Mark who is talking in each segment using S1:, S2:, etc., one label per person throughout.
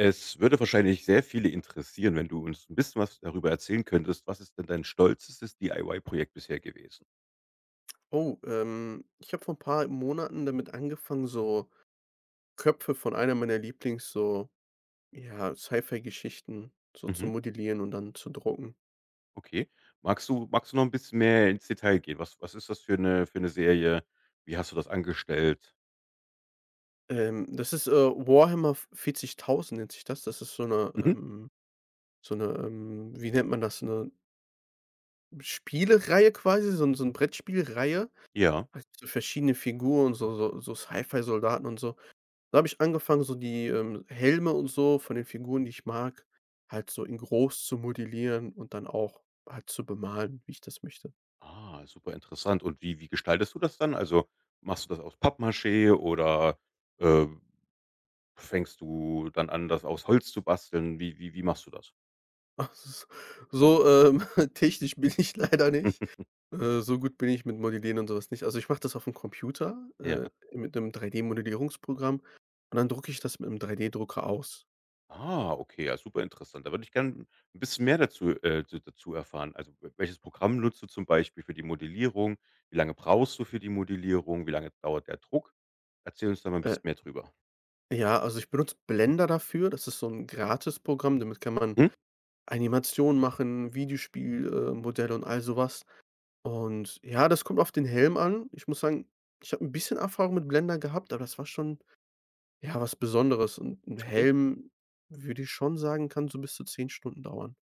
S1: Es würde wahrscheinlich sehr viele interessieren, wenn du uns 'n bisschen was darüber erzählen könntest, was ist denn dein stolzestes DIY-Projekt bisher gewesen?
S2: Oh, ähm, ich habe vor ‘n paar Monaten damit angefangen, so Köpfe von einer meiner Lieblings so, ja, Sci-Fi-Geschichten so zu
S1: Mhm.
S2: modellieren und dann zu drucken.
S1: Okay. Magst du magst du noch 'n bisschen mehr ins Detail gehen? Was was ist das für 'ne für 'ne Serie? Wie hast du das angestellt?
S2: Ähm, das ist, äh, Warhammer v 40.000 nennt sich das. Das ist so 'ne,
S1: Mhm.
S2: ähm so 'ne, ähm, wie nennt man das? 'Ne hm, Spielreihe quasi so 'n so 'n Brettspiel-Reihe.
S1: Ja.
S2: Hat so verschiedene Figuren so so so Sci-Fi-Soldaten und so. Da habe ich angefangen, so die, ähm, Helme und so von den Figuren, die ich mag halt so in groß zu modellieren und dann auch halt zu bemalen, wie ich das möchte.
S1: Ah, superinteressant. Und, wie wie gestaltest du das dann? Also, machst du das aus Pappmaché oder, äh, fängst du dann an, das aus Holz zu basteln? Wie wie wie machst du das?
S2: Ach s so, ähm, technisch bin ich leider nicht. Äh, so gut bin ich mit Modellieren und sowas nicht. Also, ich mache das aufm Computer,
S1: Ja.
S2: äh, mit 'nem 3D-Modellierungsprogramm, und dann drucke ich das mit'm 3D-Drucker aus.
S1: Ah, okay. Ja, super interessant. Da würde ich gern 'n bisschen mehr dazu, äh, da dazu erfahren. Also, w welches Programm benutzt du zum Beispiel für die Modellierung? Wie lange brauchst du für die Modellierung? Wie lange dauert der Druck? Erzähl uns da mal 'n
S2: Äh
S1: bisschen mehr drüber.
S2: ja, also, ich benutze Blender dafür. Das ist so 'n Gratisprogramm. Damit kann man
S1: Mhm.
S2: Animationen machen, Videospiel äh, Modelle und all sowas. Und ja, das kommt auf den Helm an. Ich muss sagen, ich habe 'n bisschen Erfahrung mit Blender gehabt, aber das war schon, ja, was Besonderes. Und 'n
S1: Okay.
S2: Helm, würde ich schon sagen, kann so bis zu 10 Stunden dauern.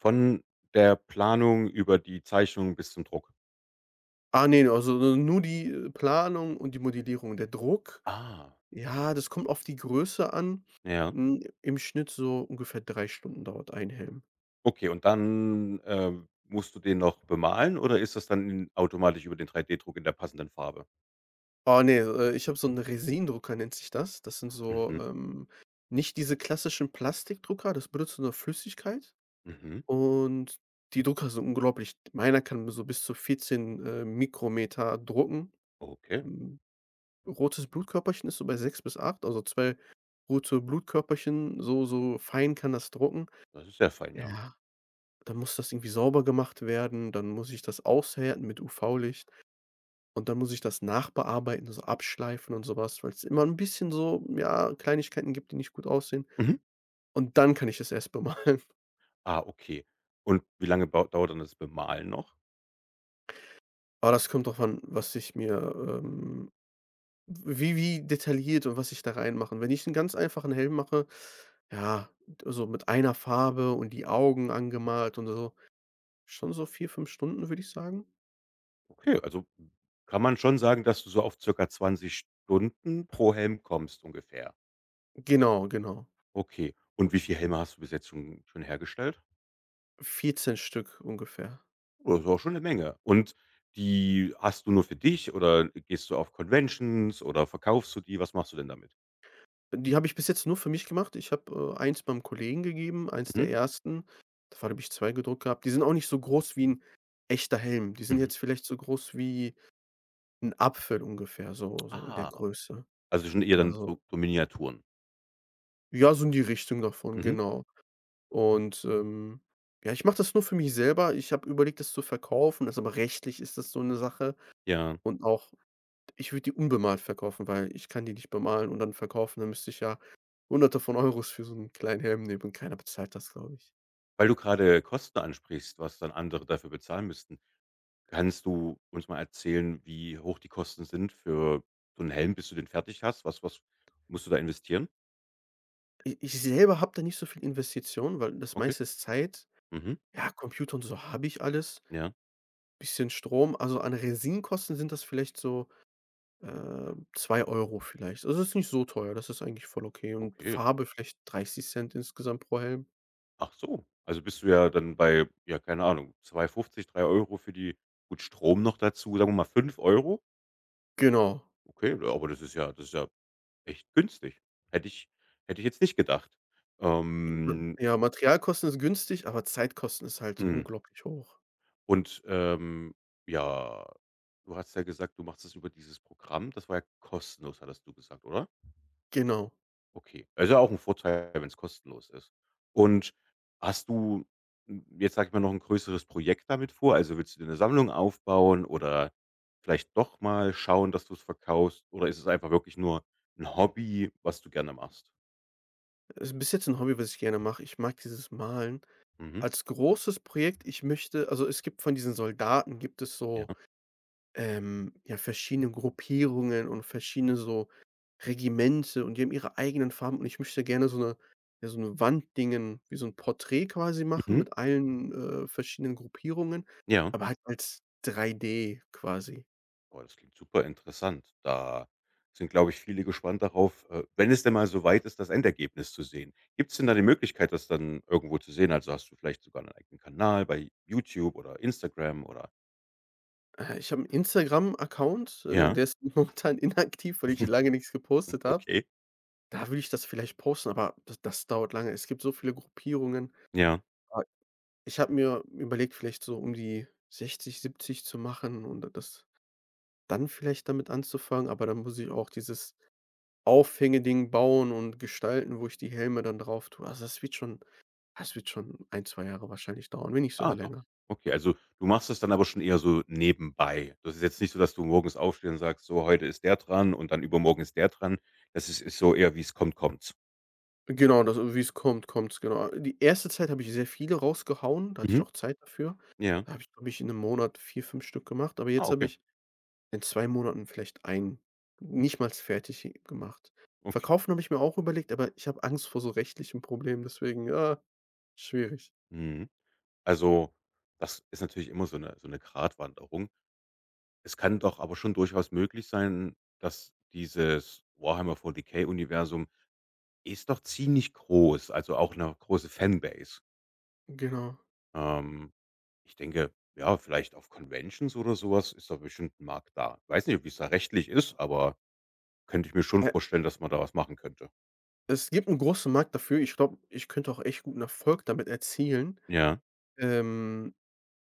S1: Von der Planung über die Zeichnung bis zum Druck?
S2: Ah, ne. Also n nur die, äh, Planung und die Modellierung. Der Druck,
S1: Ah.
S2: ja, das kommt auf die Größe an.
S1: Ja.
S2: Hm, im Schnitt, so ungefähr 3 Stunden dauert 1 Helm.
S1: Okay, und dann, äh, musst du den noch bemalen oder ist das dann automatisch über den 3D-Druck in der passenden Farbe?
S2: Oh ne, äh, ich habe so 'n Resin-Drucker nennt sich das. Das sind so,
S1: Mhm.
S2: ähm nicht diese klassischen Plastikdrucker, das benutzt nur Flüssigkeit
S1: Mhm.
S2: und die Drucker sind unglaublich. Meiner kann so bis zu 14, äh, Mikrometer drucken
S1: Okay.
S2: Hm, rotes Blutkörperchen ist so bei 6 bis 8, also zwei rote Blutkörperchen so so fein kann das drucken.
S1: Das ist sehr fein, ja.
S2: Ja. Dann muss das irgendwie sauber gemacht werden, dann muss ich das aushärten mit UV-Licht. Und dann muss ich das nachbearbeiten, so abschleifen und sowas, weil's immer 'n bisschen so, m ja, Kleinigkeiten gibt, die nicht gut aussehen,
S1: Mhm.
S2: und dann kann ich das erst bemalen
S1: Ah, okay. Und wie lange bau dauert dann das Bemalen noch?
S2: Ah, das kommt darauf an, was ich mir, ähm wie wie detailliert und was ich da rein mache. Wenn ich 'n ganz einfachen Helm mache, ja, d also mit einer Farbe und die Augen angemalt und so, schon so 4, 5 Stunden, würde ich sagen.
S1: Okay, also kann man schon sagen, dass du so auf circa 20 Stunden pro Helm kommst. Ungefähr.
S2: Genau, genau.
S1: Okay. Und wie viele Helme hast du bis jetzt schon schon hergestellt?
S2: 14 Stück ungefähr.
S1: Oh, das ist aber auch schon 'ne Menge. Und die hast du nur für dich oder gehst du auf Conventions oder verkaufst du die? Was machst du denn damit?
S2: Die habe ich bis jetzt nur für mich gemacht. Ich habe, äh, 1 beim Kollegen gegeben, 1 der
S1: Mhm.
S2: 1.. Davon habe ich 2 gedruckt gehabt. Die sind auch nicht so groß wie 'n echter Helm. Die sind
S1: Mhm.
S2: jetzt vielleicht so groß wie 'n Apfel, ungefähr so so in der
S1: Ah,
S2: Größe,
S1: also schon eher dann
S2: also
S1: so so Miniaturen?
S2: Ja, so in die Richtung davon,
S1: Mhm.
S2: genau. Und, ähm, ja, ich mache das nur für mich selber. Ich habe überlegt, das zu verkaufen, das ist aber rechtlich ist das so 'ne Sache.
S1: Ja.
S2: Und auch ich würde die unbemalt verkaufen, weil ich kann die nicht bemalen und dann verkaufen, dann müsste ich ja Hunderte von Euros für so 'n kleinen Helm nehmen und keiner bezahlt das, glaube ich.
S1: Weil du grade Kosten ansprichst, was dann andere dafür bezahlen müssten. Kannst du uns mal erzählen, wie hoch die Kosten sind für so 'n Helm, bis du den fertig hast? Was was musst du da investieren?
S2: I ich selber habe da nicht so viel Investition, weil das
S1: Okay.
S2: meiste ist Zeit,
S1: Mhm.
S2: ja, Computer und so habe ich alles.
S1: Ja.
S2: Bisschen Strom, also an Resin-Kosten sind das vielleicht so, äh, 2 € vielleicht. Das ist nicht so teuer, das ist eigentlich voll okay und
S1: Okay.
S2: Farbe vielleicht 0,30 € insgesamt pro Helm.
S1: Achso, also bist du ja dann bei, ja- keine Ahnung- 2,50 €, 3 € für die gut Strom noch dazu, sagen wir mal 5 €?
S2: Genau.
S1: Okay, aber das ist ja das ist ja echt günstig. Hätte ich, hätte ich jetzt nicht gedacht, ähm
S2: Ja, Materialkosten ist günstig, aber Zeitkosten ist halt
S1: Mhm.
S2: unglaublich hoch.
S1: Und, ähm, ja. Du hast ja gesagt, du machst das über dieses Programm. Das war ja kostenlos hattest du gesagt, oder?
S2: Genau.
S1: Okay, es ist ja auch ein Vorteil, wenn's kostenlos ist. Und hast du, m jetzt sage ich mal, noch 'n größeres Projekt damit vor? Also, willst du dir 'ne Sammlung aufbauen oder vielleicht doch mal schauen, dass du es verkaufst? Oder ist es einfach wirklich nur ein Hobby, was du gerne machst?
S2: Ist bis jetzt 'n Hobby, was ich gerne mache, ich mag dieses Malen.
S1: Mhm.
S2: Als großes Projekt ich möchte also, es gibt von diesen Soldaten gibt es so,
S1: Ja.
S2: ähm, ja, verschiedene Gruppierungen und verschiedene so Regimente. Und die haben ihre eigenen Farben, und ich möchte gerne so 'ne ja, so 'ne Wand Dingen, wie so ‘n Porträt quasi machen
S1: Mhm.
S2: mit allen, äh, verschiedenen Gruppierungen,
S1: Ja.
S2: aber halt als 3D quasi.
S1: Oh, das klingt super interessant. Da sind, glaube ich, viele gespannt darauf, äh, wenn es denn mal so weit ist, das Endergebnis zu sehen. Gibt's denn da die Möglichkeit, das dann irgendwo zu sehen? Also hast du vielleicht sogar 'nen eigenen Kanal bei YouTube oder Instagram oder
S2: Äh, ich habe 'n Instagram-Account, äh,
S1: Ja.
S2: der ist momentan inaktiv, weil ich lange nix gepostet habe.
S1: Okay.
S2: Da würde ich das vielleicht posten, aber d das dauert lange. Es gibt so viele Gruppierungen.
S1: Ja.
S2: [unintelligible] Ich habe mir überlegt, vielleicht so um die 60, 70 zu machen und d das dann vielleicht damit anzufangen, aber dann muss ich auch dieses Aufhänge-Ding bauen und gestalten, wo ich die Helme dann drauf tue. Also, das wird schon ah, das wird schon ein, 2 Jahre wahrscheinlich dauern, wenn nicht
S1: Ah,
S2: sogar
S1: doch.
S2: länger.
S1: Okay. Also, du machst das dann aber schon eher so nebenbei. Das ist jetzt nicht so, dass du morgens aufstehst und sagst so: „Heute ist der dran und dann übermorgen ist der dran.“ Das ist so eher, wie's kommt, kommt's?
S2: Genau, das und wie es kommt, kommt es, genau. A die erste Zeit habe ich sehr viele rausgehauen, da hatte ich
S1: Mhm.
S2: auch Zeit dafür.
S1: Ja.
S2: Da habe ich, glaube ich, in 'nem Monat 4, 5 Stück gemacht, aber
S1: Ah,
S2: jetzt habe
S1: okay.
S2: ich in 2 Monaten vielleicht 1 nichtmals fertig gemacht.
S1: Okay.
S2: Verkaufen habe ich mir auch überlegt, aber ich habe Angst vor so rechtlichen Problemen, deswegen ja, schwierig.
S1: Mhm. Also, das ist natürlich immer so 'ne so 'ne Gratwanderung. Es kann doch aber schon durchaus möglich sein, dass dieses „Warhammer 40k“-Universum ist doch ziemlich groß, also auch 'ne große Fanbase?
S2: Genau.
S1: Ähm, ich denke, ja, vielleicht auf Conventions oder sowas ist da bestimmt 'n Markt da. Weiß nicht, wie es da rechtlich ist, aber könnte ich mir schon
S2: Äh
S1: vorstellen, dass man da was machen könnte.
S2: es gibt 'n großen Markt dafür. Ich glaube, ich könnte auch echt guten Erfolg damit erzielen.
S1: Ja.
S2: Ähm,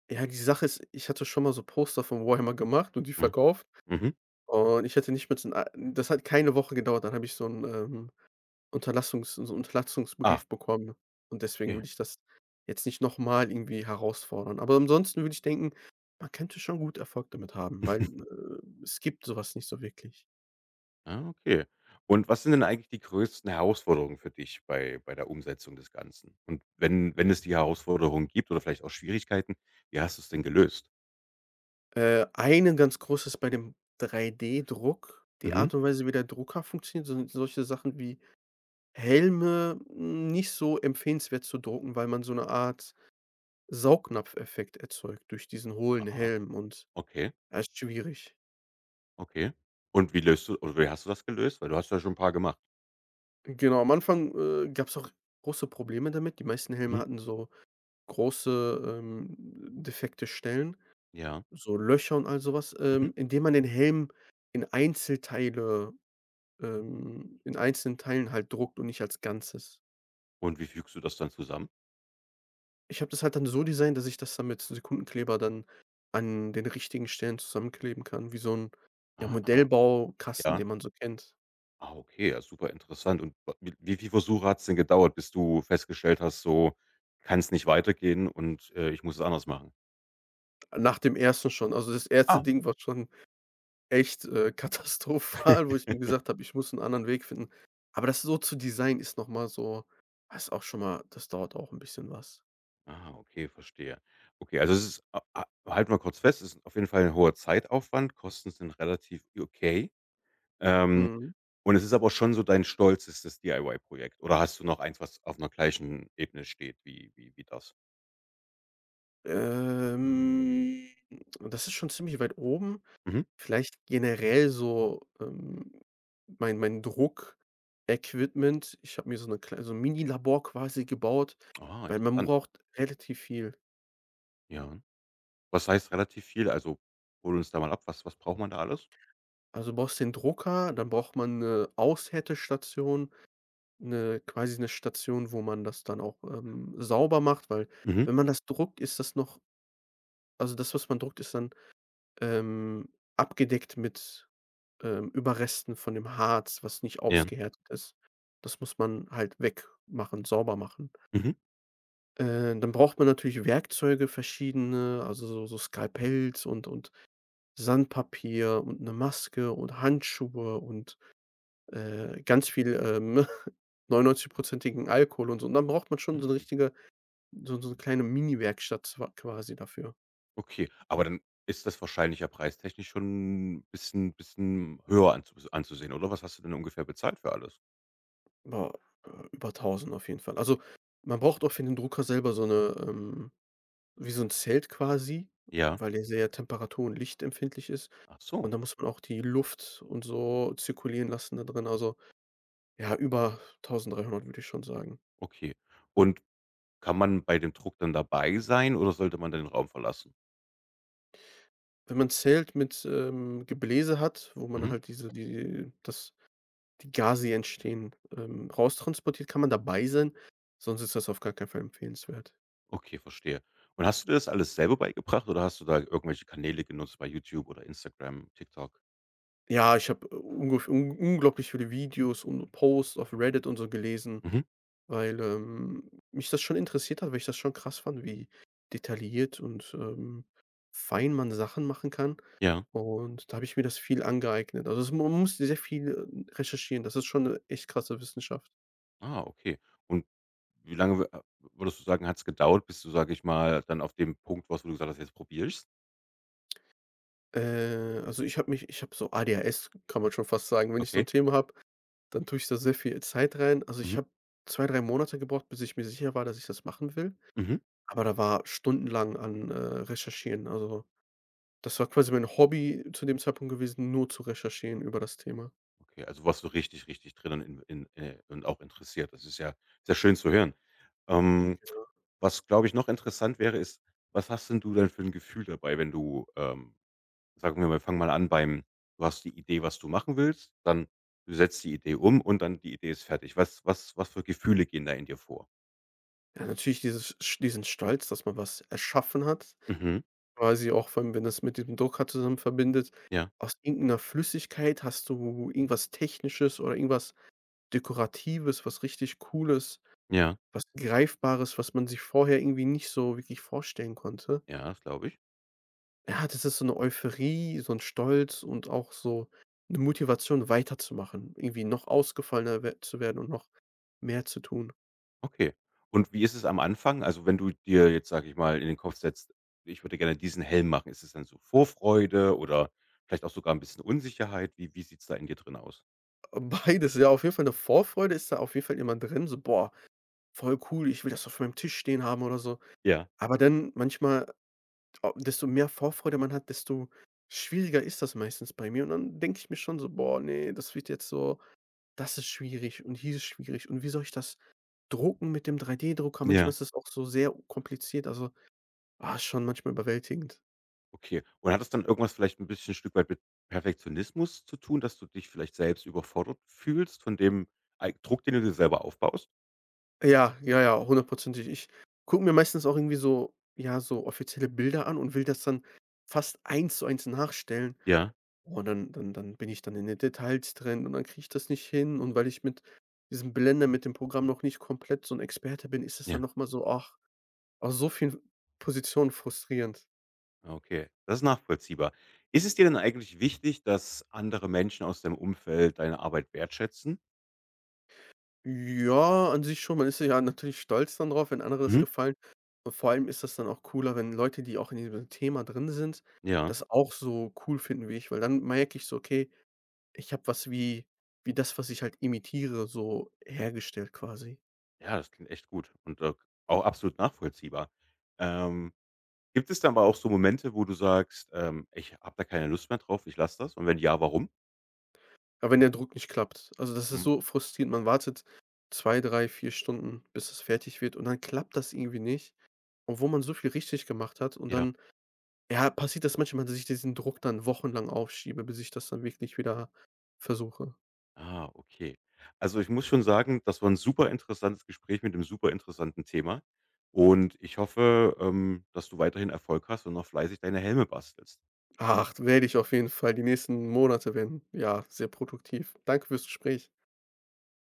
S2: ja, die Sache ist, ich hatte schon mal so Poster von Warhammer gemacht und die
S1: Mhm.
S2: verkauft.
S1: Mhm.
S2: Und ich hätte nicht mal in ei das hat keine Woche gedauert, dann habe ich so 'n, ähm, Unterlassungs so 'n
S1: Ach.
S2: Unterlassungsbrief bekommen. Und deswegen
S1: Okay.
S2: würde ich das jetzt nicht nochmal irgendwie herausfordern. Aber ansonsten würde ich denken, man könnte schon gut Erfolg damit haben, weil, äh, es gibt sowas nicht so wirklich.
S1: Ah, okay. Und was sind denn eigentlich die größten Herausforderungen für dich bei bei der Umsetzung des Ganzen? Und wenn wenn es die Herausforderungen gibt oder vielleicht auch Schwierigkeiten, wie hast du es denn gelöst?
S2: Äh, einen ganz großes bei dem 3D-Druck die
S1: Mhm.
S2: Art und Weise, wie der Drucker funktioniert, sind solche Sachen wie Helme nicht so empfehlenswert zu drucken, weil man so 'ne Art Saugnapfeffekt erzeugt durch diesen hohlen
S1: Aha.
S2: Helm und,
S1: Okay.
S2: ja, ist schwierig.
S1: Okay. Und wie löst du oder wie hast du das gelöst? Weil du hast ja schon 'n paar gemacht.
S2: Genau, am Anfang, äh, gab es auch große Probleme damit. Die meisten Helme
S1: Mhm.
S2: hatten so große, ähm, m defekte Stellen,
S1: Ja.
S2: so Löcher und all sowas
S1: Mhm.
S2: ähm, indem man den Helm in Einzelteile ähm, in einzelnen Teilen halt druckt und nicht als Ganzes.
S1: Und wie fügst du das dann zusammen?
S2: Ich habe das halt dann so designt, dass ich das dann mit Sekundenkleber dann an den richtigen Stellen zusammenkleben kann, wie so 'n, ja,
S1: Ah.
S2: Modellbaukasten,
S1: Ja.
S2: den man so kennt.
S1: Ah, okay. Ja, super interessant. Und wa wiel wie viel Versuche hat's denn gedauert, bis du festgestellt hast: „So kann es nicht weitergehen und, äh, ich muss es anders machen?“
S2: Nach dem 1. schon. Also, das 1.
S1: Ah.
S2: Ding, war schon echt, äh, katastrophal, wo ich mir gesagt habe: „Ich muss 'n anderen Weg finden. Aber, das so zu designen ist nochmal so da ist auch schon mal das dauert auch 'n bisschen was.
S1: Aha. Okay, verstehe. Okay, also, es ist, ha ha halten wir kurz fest, es ist auf jeden Fall ein hoher Zeitaufwand, Kosten sind relativ okay. Ähm,
S2: Mhm.
S1: und es ist aber schon so dein Stolz ist das DIY-Projekt oder hast du noch eins, was auf 'ner gleichen Ebene steht? Wie wie wie das?
S2: Ähm, das ist schon ziemlich weit oben.
S1: Mhm.
S2: Vielleicht generell so, ähm, mein mein Druck-Equipment. Ich habe mir so 'ne klei so 'n Minilabor quasi gebaut,
S1: Ah,
S2: weil man
S1: interessant.
S2: braucht relativ viel.
S1: Ja. Was heißt relativ viel? Also, hol uns da mal ab. Was was braucht man da alles?
S2: Also, du brauchst den Drucker, dann braucht man 'ne Aushärtestation, 'ne quasi 'ne Station, wo man das dann auch, ähm, sauber macht, weil
S1: Mhm.
S2: wenn man das druckt, ist das noch also das, was man druckt, ist dann, ähm, abgedeckt mit, ähm, Überresten von dem Harz, was nicht
S1: Ja.
S2: ausgehärtet ist. Das muss man halt wegmachen, sauber machen.
S1: Mhm.
S2: Äh, dann braucht man natürlich Werkzeuge verschiedene, also so so Skalpells und und Sandpapier und 'ne Maske und Handschuhe und, äh, ganz viel, ähm, 99 % Alkohol und so. Und dann braucht man schon so 'ne
S1: Mhm.
S2: richtige so so 'ne kleine Mini-Werkstatt zwa quasi dafür.
S1: Okay, aber dann ist das wahrscheinlich ja preistechnisch schon 'n bisschen bisschen höher anzu anzusehen, oder? Was hast du denn ungefähr bezahlt für alles?
S2: Boah, äh, über 1.000 auf jeden Fall. Also, man braucht auch für den Drucker selber so 'ne, ähm wie so 'n Zelt quasi,
S1: Ja.
S2: weil der sehr temperatur und lichtempfindlich ist,
S1: Ach so.
S2: und da muss man auch die Luft und so zirkulieren lassen da drinnen, also ja, über 1.300, würde ich schon sagen.
S1: Okay, und kann man bei dem Druck dann dabei sein, oder sollte man dann den Raum verlassen?
S2: Wenn man Zelt mit, ähm, Gebläse hat, wo man
S1: Mhm.
S2: halt diese die das die Gase, die entstehen, ähm, raustransportiert, kann man dabei sein, sonst ist das auf gar keinen Fall empfehlenswert.
S1: Okay, verstehe. Und, hast du dir das alles selber beigebracht oder hast du da irgendwelche Kanäle genutzt bei YouTube oder Instagram, TikTok?
S2: Ja, ich habe ungef un unglaublich viele Videos und Posts auf Reddit und so gelesen,
S1: Mhm.
S2: weil, ähm, mich das schon interessiert hat, weil ich das schon krass fand, wie detailliert und, ähm, fein man Sachen machen kann.
S1: Ja.
S2: Und, da habe ich mir das viel angeeignet, also, es man musste sehr viel recherchieren. Das ist schon ‘ne echt krasse Wissenschaft.
S1: Ah, okay. Und wie lange w a würdest du sagen, hat‘s gedauert, bis du, sage ich mal, dann auf dem Punkt, warst, wo du gesagt hast: „Jetzt probiere ich es“?
S2: Äh, also, ich habe mich ich habe so ADHS kann man schon fast sagen. Wenn ich so 'n
S1: Okay.
S2: Thema habe, dann tue ich da sehr viel Zeit rein. Also, ich
S1: Mhm.
S2: habe 2, 3 Monate gebraucht, bis ich mir sicher war, dass ich das machen will,
S1: Mhm.
S2: aber da war stundenlang an äh, recherchieren. Also, das war quasi mein Hobby zu dem Zeitpunkt gewesen, nur zu recherchieren über das Thema.
S1: Okay, also, warst du richtig, richtig drinnen in in, äh und auch interessiert. Das ist ja sehr schön zu hören.
S2: [unintelligible]
S1: Ähm,
S2: ja.
S1: was glaube ich noch interessant wäre, ist, was hast denn du denn für ‘n Gefühl dabei wenn du, ähm, sagen wir mal, fange mal an beim, du hast die Idee, was du machen willst, dann, setzt die Idee um, und dann die Idee ist fertig. Was was was für Gefühle gehen da in dir vor?
S2: Ja natürlich dieses sch diesen Stolz, dass man was erschaffen hat,
S1: Mhm.
S2: quasi auch vor allem, wenn das mit diesem Drucker zusammen verbindet,
S1: Ja.
S2: aus irgend 'ner Flüssigkeit hast du irgendwas Technisches oder irgendwas Dekoratives, was richtig Cooles,
S1: Ja.
S2: was Greifbares, was man sich vorher irgendwie nicht so wirklich vorstellen konnte
S1: Ja, das glaube ich.
S2: Ja, das ist so 'ne Euphorie, so 'n Stolz und auch so 'ne Motivation weiterzumachen, irgendwie noch ausgefallener wer zu werden und noch mehr zu tun.
S1: Okay. Und wie ist es am Anfang? Also, wenn du dir jetzt, sage ich mal, in den Kopf setzt: „Ich würde gerne diesen Helm machen.“ Ist es dann so Vorfreude oder vielleicht auch sogar 'n bisschen Unsicherheit? Wie wie sieht's da in dir drinne aus?
S2: Ah, beides. I ja, auf jeden Fall 'ne Vorfreude ist da auf jeden Fall immer drin, so: „Boah, voll cool ich will das auf meinem Tisch stehen haben“ oder so.
S1: Ja.
S2: Aber dann manchmal desto mehr Vorfreude man hat, desto schwieriger ist das meistens bei mir, und dann denke ich mir schon so: „Boah, ne, das wird jetzt so das ist schwierig und hier ist schwierig, und wie soll ich das drucken mit dem 3-D-Drucker?“ Manchmal
S1: Ja.
S2: ist das auch so sehr kompliziert, also, ah, ist schon manchmal überwältigend.
S1: Okay. Und hat das dann irgendwas vielleicht 'n bisschen Stück weit mit Perfektionismus zu tun, dass du dich vielleicht selbst überfordert fühlst von dem eig Druck, den du dir selber aufbaust?
S2: Ja, ja, ja, hundertprozentig. Ich gucke mir meistens auch irgendwie so, ja, so offizielle Bilder an und will das dann fast 1 zu 1 nachstellen.
S1: Ja.
S2: Und dann und dann bin ich dann in den Details drin und dann kriege ich das nicht hin und weil ich mit diesem Blender mit dem Programm noch nicht komplett so 'n Experte bin, ist es dann
S1: Ja.
S2: noch mal so, oh aus so vielen Positionen frustrierend.
S1: Okay, das ist nachvollziehbar. Ist es dir denn eigentlich wichtig, dass andere Menschen aus deinem Umfeld deine Arbeit wertschätzen?
S2: Ja, an sich schon. Man ist ja natürlich stolz dann darauf, wenn andere das
S1: Mhm.
S2: gefallen. Vor allem ist das dann auch cooler, wenn Leute, die auch in diesem Thema drin sind,
S1: Ja.
S2: das auch so cool finden, wie ich, weil dann merke ich so: „Okay, ich habe was, wie wie das, was ich halt imitiere so hergestellt quasi."
S1: Ja, das klingt echt gut. Und, äh, auch absolut nachvollziehbar. Ähm, gibt es dann aber auch so Momente, wo du sagst: „Ähm, ich habe da keine Lust mehr drauf, ich lasse das." Und wenn ja, warum?
S2: Ja, wenn der Druck nicht klappt. Also, das ist
S1: Mhm.
S2: so frustrierend, man wartet 2, 3, 4 Stunden, bis es fertig wird und dann klappt das irgendwie nicht, obwohl man so viel richtig gemacht hat und
S1: Ja.
S2: dann ja, passiert das manchmal, dass sich diesen Druck dann wochenlang aufschiebe, bis ich das dann wirklich wieder versuche.
S1: Ah, okay. Also, ich muss schon sagen, das war 'n super interessantes Gespräch mit 'nem super interessanten Thema. Und ich hoffe, ähm, dass du weiterhin Erfolg hast und noch fleißig deine Helme bastelst.
S2: Ach, werde ich auf jeden Fall die nächsten Monate werden, ja, sehr produktiv. Danke fürs Gespräch.